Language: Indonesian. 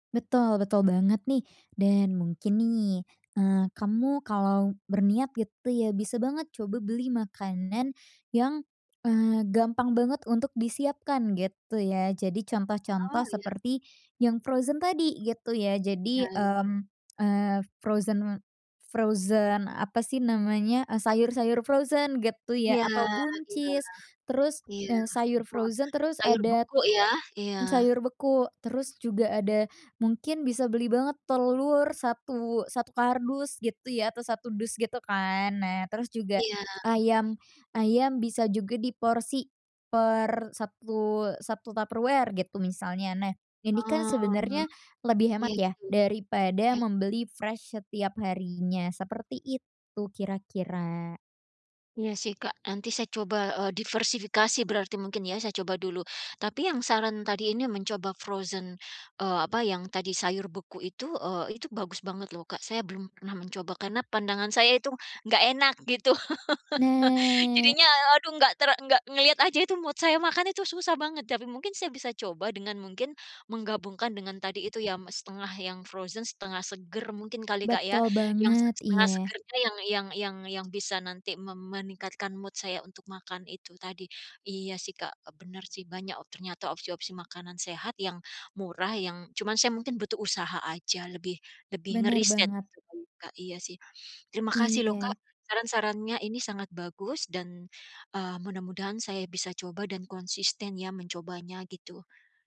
Betul betul banget nih. Dan mungkin nih, eee, kamu kalo berniat gitu ya, bisa banget coba beli makanan yang, eee, gampang banget untuk disiapkan gitu ya. Jadi Oh, contoh-contoh iya. seperti yang frozen tadi, gitu ya. Iya, Jadi, i mmm, eee, frozen, frozen apa sih namanya, e sayur-sayur frozen, getu ya, Iya atau iya buncis. Terus, iya. eee, sayur Buah, frozen, terus sayur adat beku ya? Iya. m sayur beku, terus juga ada mungkin bisa beli banget telur satu satu kardus gitu ya, atau 1 dus gitu kan. Nah, terus juga Iya. ayam ayam bisa juga diporsi per satu satu Tupperware gitu misalnya. Nah, ini kan Oh, sebenarnya lebih hemat kek ya, gitu. daripada Iya. membeli fresh setiap harinya, seperti itu kira-kira. Iya sih, Kak, nanti saya coba, eee, diversifikasi berarti mungkin ya, saya coba dulu. Tapi yang saran tadi ini mencoba frozen, eee, apa, yang tadi sayur beku itu, eee, itu bagus banget loh, Kak, saya belum pernah mencoba, karena pandangan saya itu nggak enak gitu. Nah, Jadinya e aduh nggak ter nggak ngelihat aja itu mood saya, makan itu susah banget, tapi mungkin saya bisa coba, dengan mungkin menggabungkan, dengan tadi itu ya, m 0,5 yang frozen 0,5 seger mungkin kali, Kak, ya. Betul Yang set banget. setengah Iya. segernya yang yang yang yang bisa nanti mem meningkatkan mood saya untuk makan itu tadi. Iya, sih, Kak, e bener sih, banyak o ternyata opsi-opsi makanan sehat yang murah, yang cuman saya mungkin butuh usaha aja lebih lebih Benar ngeriset banget. sebelum Kak, iya sih. Terima kasih loh Kak, Iya. saran-sarannya ini sangat bagus dan, eee, mudah-mudahan saya bisa coba dan konsisten ya, mencobanya gitu.